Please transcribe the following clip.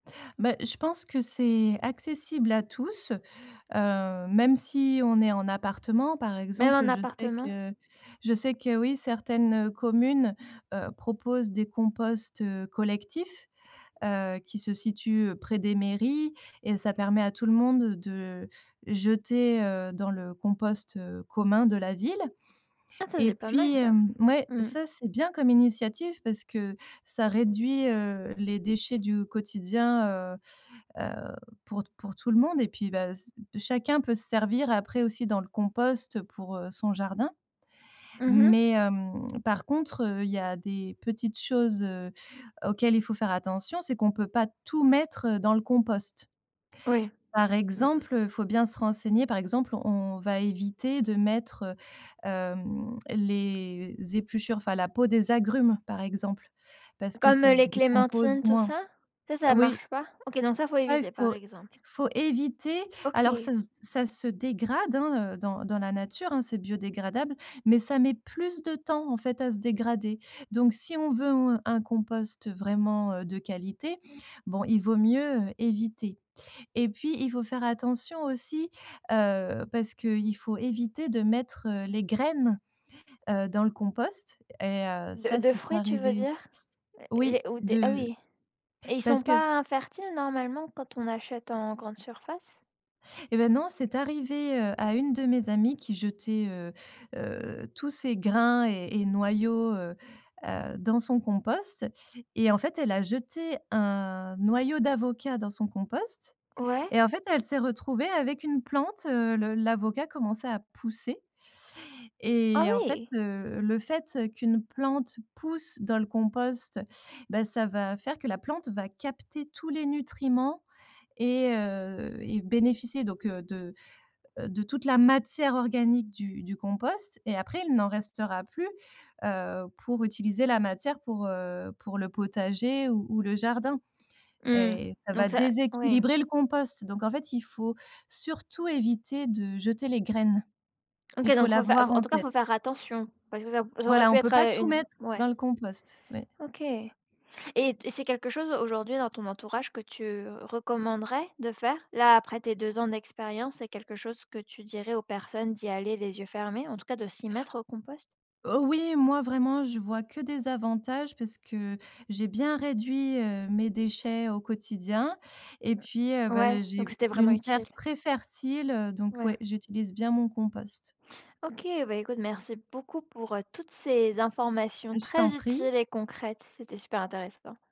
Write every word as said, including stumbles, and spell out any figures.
Bah, je pense que c'est accessible à tous, heu, même si on est en appartement, par Même exemple. en Je sais appartement? que je sais que oui, certaines, heu, communes, heu, proposent des composts, heu, collectifs, heu, qui se situent près des mairies et ça permet à tout le monde de jeter, heu, dans le compost, heu, commun de la ville, Ah ça et c'est pas mal puis, ça! hem ouais, Mmh. ça c'est bien comme initiative parce que ça réduit, heu, les déchets du quotidien, heu heu, pour pour tout le monde, et puis, bah, c chacun peut se servir après aussi dans le compost pour, heu, son jardin, Mmh mh. mais hem, par contre, heu, il y a des petites choses, heu, auxquelles il faut faire attention, c'est qu'on peut pas tout mettre, heu, dans le compost. Oui. Par Mmh mh. exemple, heu, faut bien se renseigner. Par exemple, on va éviter de mettre, heu, hem, les épluchures, enfin la peau des agrumes, par exemple, parce que Comme, heu, ça se les décompose clémentines, tout moins. ça? Ça ça Oui. marche pas? OK, donc ça, faut Ça, il éviter, par faut exemple. faut éviter. Alors OK. ça se d ça se dégrade, hein, heu, dans dans la nature, hein, c'est biodégradable, mais ça met plus de temps, en fait, à se dégrader, donc si on veut un compost vraiment, heu, de qualité, bon, il vaut mieux éviter, et puis, il faut faire attention aussi, heu, parce que il faut éviter de mettre, heu, les graines, heu, dans le compost, et heu, De ça, de c'est fruits, tu veux arrivé, dire? L oui, les ou des ah de oui, et ils sont parce que s pas infertiles, normalement quand on achète en grande surface? Eh ben, non, c'est arrivé, heu, à une de mes amies qui jetait, heu heu, tous ces grains et et noyaux, heu heu, dans son compost, et en fait, elle a jeté un noyau d'avocat dans son compost Ouais. et en fait, elle s'est retrouvée avec une plante, heu, le l'avocat commençait à pousser. Ah Et en fait, oui. heu, le fait, heu, qu'une plante pousse dans le compost, bah, ça va faire que la plante va capter tous les nutriments et heu, et bénéficier donc, heu, de, heu, de toute la matière organique du du compost et après, il n'en restera plus, heu, pour utiliser la matière pour, heu, pour le potager ou ou le jardin, Mmh, et ça va donc ça oui. déséquilibrer le compost, donc en fait, il faut surtout éviter de jeter les graines. OK, Il faut donc faut fai faut l'avoir en en tout cas, faut faire tête. attention parce que ça au ça aurait Voilà, pu on peut être, pas heu, tout une mettre ouais. dans le compost, oui. OK, et c'est quelque chose, aujourd'hui, dans ton entourage, que tu recommanderais de faire? Là, après tes deux ans d'expérience, c'est quelque chose que tu dirais aux personnes, d'y aller les yeux fermés, en tout cas de s'y mettre, au compost? Heu, oui, moi, vraiment, je vois que des avantages parce que j'ai bien réduit, heu, mes déchets au quotidien, et puis, heu, Ouais, ben j'ai donc c'était une vraiment une terre utile. très fertile, heu, donc Ouais. ouais, j'utilise bien mon compost. OK, bah, écoute, merci beaucoup pour, heu, toutes ces informations Je t'en très prie. utiles et concrètes, c'était super intéressant.